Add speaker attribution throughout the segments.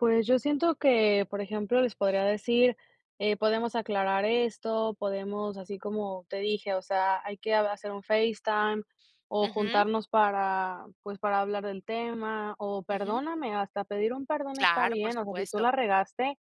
Speaker 1: Pues yo siento que, por ejemplo, les podría decir, eh: "Podemos aclarar esto, podemos". Así como te dije, o sea: "Hay que hacer un FaceTime o
Speaker 2: Ujú.
Speaker 1: juntarnos para pues para hablar del tema o
Speaker 2: Ujú.
Speaker 1: perdóname". Hasta pedir un perdón está
Speaker 2: Claro. Por
Speaker 1: bien. O sea, si tú
Speaker 2: supuesto.
Speaker 1: la regaste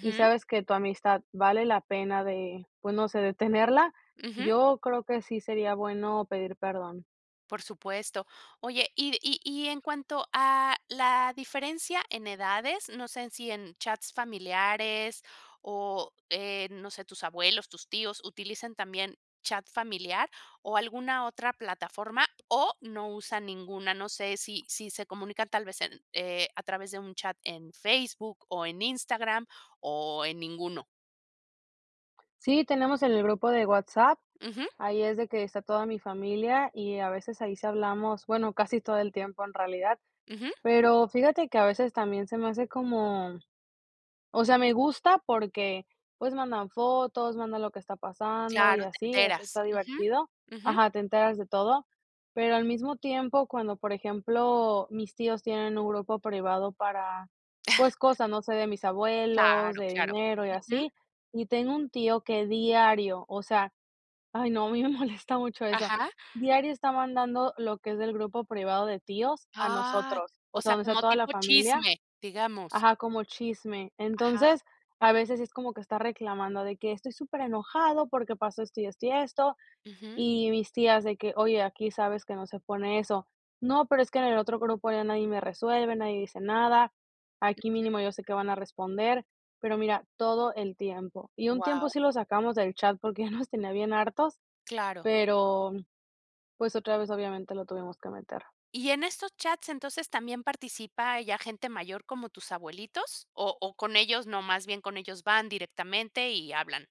Speaker 1: y sabes que tu amistad vale la pena de, pues no sé, de tenerla,
Speaker 2: Ujú.
Speaker 1: yo creo que sí sería bueno pedir perdón.
Speaker 2: Por supuesto. Oye, y y y en cuanto a la diferencia en edades, no sé si en chats familiares o, eh, no sé, ¿tus abuelos, tus tíos utilizan también chat familiar o alguna otra plataforma, o no usan ninguna? No sé sí sí se comunican tal vez en, eh, a través de un chat en Facebook o en Instagram, ¿o en ninguno?
Speaker 1: Sí, tenemos en el grupo de WhatsApp,
Speaker 2: Ujú.
Speaker 1: ahí es de que está toda mi familia y a veces ahí sí hablamos, bueno, casi todo el tiempo en realidad.
Speaker 2: Ujú.
Speaker 1: Pero fíjate que a veces también se me hace como o sea, me gusta porque, pues, mandan fotos, mandan lo que está pasando y
Speaker 2: Claro, te
Speaker 1: así. Eso
Speaker 2: enteras.
Speaker 1: está divertido
Speaker 2: Ujú. Ujú.
Speaker 1: ajá, te enteras de todo, pero al mismo tiempo cuando, por ejemplo, mis tíos tienen un grupo privado para, pues, cosas, no sé, de mis abuelos,
Speaker 2: Claro,
Speaker 1: de
Speaker 2: claro.
Speaker 1: dinero y
Speaker 2: Ujú.
Speaker 1: así. Y tengo un tío que diario, o sea, ay no, a mí me molesta mucho eso.
Speaker 2: Ajá.
Speaker 1: Diario está mandando lo que es del grupo privado de tíos a
Speaker 2: Ay.
Speaker 1: nosotros, o
Speaker 2: O
Speaker 1: sea,
Speaker 2: sea,
Speaker 1: donde está
Speaker 2: como
Speaker 1: toda la
Speaker 2: tipo
Speaker 1: familia
Speaker 2: chisme, digamos.
Speaker 1: ajá, como chisme.
Speaker 2: Ajá.
Speaker 1: Entonces, a veces es como que está reclamando de que estoy superenojado porque pasó esto y esto y esto.
Speaker 2: Ujú.
Speaker 1: Y mis tías de que: "Oye, aquí sabes que no se pone eso". No, pero es que en el otro grupo ya nadie me resuelve, nadie dice nada, aquí
Speaker 2: Ujú.
Speaker 1: mínimo yo sé que van a responder. Pero mira, todo el tiempo. Y un tiempo
Speaker 2: Guau.
Speaker 1: sí lo sacamos del chat porque ya nos tenía bien hartos,
Speaker 2: Claro.
Speaker 1: pero, mm, pues otra vez obviamente lo tuvimos que meter.
Speaker 2: ¿Y en estos chats, entonces, también participa ya gente mayor como tus abuelitos, o o con ellos no, más bien con ellos van directamente y hablan?